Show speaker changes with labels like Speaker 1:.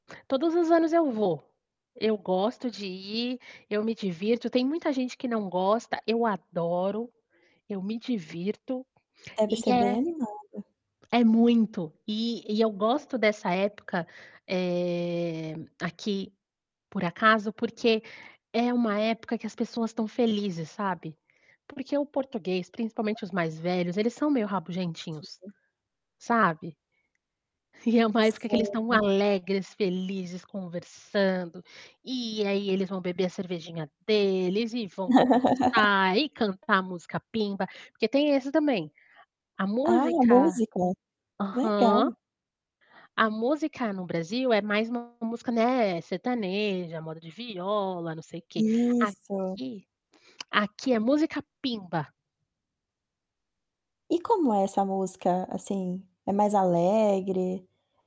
Speaker 1: Todos os anos eu vou. Eu gosto de ir, eu me divirto. Tem muita gente que não gosta. Eu adoro, eu me divirto,
Speaker 2: Deve
Speaker 1: e
Speaker 2: ser bem
Speaker 1: é
Speaker 2: animada.
Speaker 1: é muito. E e eu gosto dessa época, eh, aqui, por acaso, porque é uma época que as pessoas estão felizes, sabe. Porque o português, principalmente os mais velhos, eles são meio rabugentinhos,
Speaker 2: Tinho.
Speaker 1: sabe. E é uma época que eles estão
Speaker 2: Sei.
Speaker 1: alegres, felizes, conversando. E aí, eles vão beber a cervejinha deles e vão conversar e cantar a música pimba. Porque tem esse também a
Speaker 2: Ah,
Speaker 1: música
Speaker 2: música.
Speaker 1: aham.
Speaker 2: Legal.
Speaker 1: A música no Brasil é mais uma música, né, sertaneja, moda de viola, não sei quê.
Speaker 2: Isso.
Speaker 1: Aqui aqui é música pimba.
Speaker 2: E como é essa música, assim? É mais alegre?